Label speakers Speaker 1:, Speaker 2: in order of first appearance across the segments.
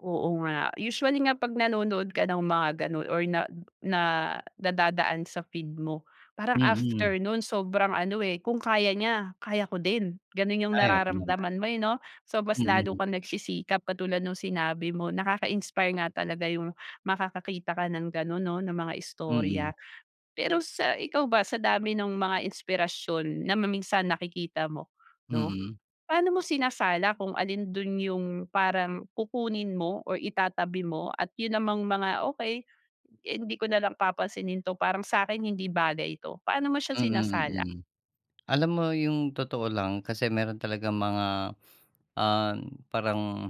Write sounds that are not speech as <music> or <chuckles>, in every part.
Speaker 1: Oo nga usually nga pag nanonood ka ng mga ganon or na na nadadaan sa feed mo parang
Speaker 2: Mm.
Speaker 1: after nun sobrang ano, eh, kung kaya niya kaya ko din ganun yung
Speaker 2: Ay, oo naman.
Speaker 1: nararamdaman mo, eh, no. So mas lalo
Speaker 2: Mm.
Speaker 1: kang nagsisikap katulad nung sinabi mo, nakakainspire nga talaga yung makakakita ka ng ganon no na mga istorya.
Speaker 2: Mm.
Speaker 1: Pero sa ikaw ba sa dami ng mga inspirasyon na ma minsan nakikita mo no,
Speaker 2: Mm.
Speaker 1: Paano mo sinasala kung alin dun yung parang kukunin mo or itatabi mo at yun namang mga okey, hindi ko nalang papansinin to parang sakin hindi bagay ito? Paano mo siya
Speaker 2: Mm,
Speaker 1: sinasala?
Speaker 2: mm. Alam mo yung totoo lang kasi meron talagang mga, <sniffs> ah, parang,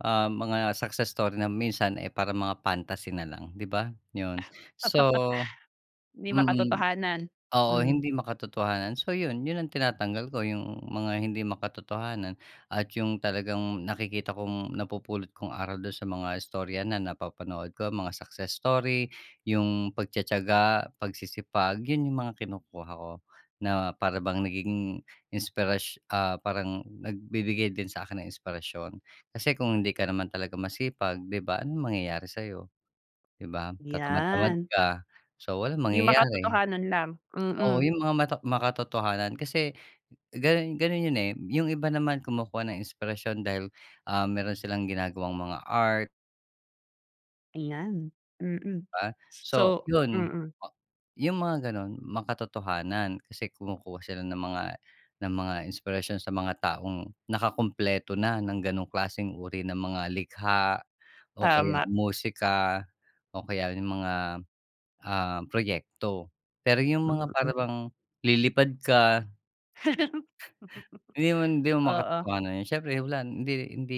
Speaker 2: ah, mga success story na minsan eh parang mga fantasy na lang di ba? Yun so
Speaker 1: <chuckles> Hindi
Speaker 2: mm,
Speaker 1: makatotohanan,
Speaker 2: oo
Speaker 1: hmm.
Speaker 2: hindi makatotohanan. So yun, yun ang tinatanggal ko yung mga hindi makatotohanan at yung talagang nakikita kong napupulot kong aral dun sa mga istorya na napapanood ko mga success story, yung pagtitiyaga, pagsisipag. Yun yung mga kinukuha ko na para bang naging inspirash ah, parang nagbibigay din sa akin ng inspirasyon. Kasi kung hindi ka naman talaga masipag di ba anong mangyayari sayo di ba, tatamad-tamad
Speaker 1: Yan.
Speaker 2: ka, so walang
Speaker 1: Yung
Speaker 2: mangyayari,
Speaker 1: makatotohanan lang,
Speaker 2: oo
Speaker 1: mm.
Speaker 2: yung mga mata makatotohanan kasi ganun ganun yun, eh, yung iba naman kumukuha ng inspirasyon dahil, ah, meron silang ginagawang mga art.
Speaker 1: Ayan, mm,
Speaker 2: Di ba, so, ah,
Speaker 1: so
Speaker 2: yun
Speaker 1: mm.
Speaker 2: yung mga ganon, makatotohanan kasi kumukuha sila ng mga ng mga inspirasyon sa mga taong nakakumpleto na ng ganong klaseng uri ng mga likha o kaya
Speaker 1: Tama.
Speaker 2: musika o kaya yung mga, ah, proyekto, pero yung mga
Speaker 1: Mm.
Speaker 2: parang bang lilipad ka.
Speaker 1: <laughs>
Speaker 2: Yun, hindi naman hindi naman
Speaker 1: Oo.
Speaker 2: makatotohan yun, siyempre wala hindi hindi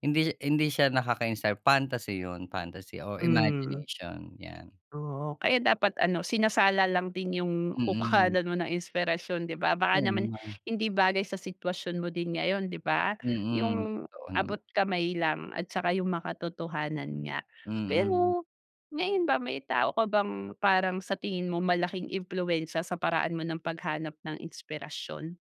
Speaker 2: hindi siya hindi siya nakakainspire, fantasy yun fantasy o
Speaker 1: Hmm.
Speaker 2: imagination, yan.
Speaker 1: Oo kaya dapat ano sinasala lang din yung
Speaker 2: Mm.
Speaker 1: kukuhanan mo ng inspirasyon di ba? Baka
Speaker 2: Oo
Speaker 1: naman
Speaker 2: naman.
Speaker 1: hindi bagay sa sitwasyon mo din ngayon di ba?
Speaker 2: Mm,
Speaker 1: Yung
Speaker 2: totoo naman.
Speaker 1: abot kamay lang at tsaka yung makatotohanan nga.
Speaker 2: Mm.
Speaker 1: Pero ngayon ba may tao ka bang parang sa tingin mo malaking impluwensya sa paraan mo ng paghanap ng inspirasyon?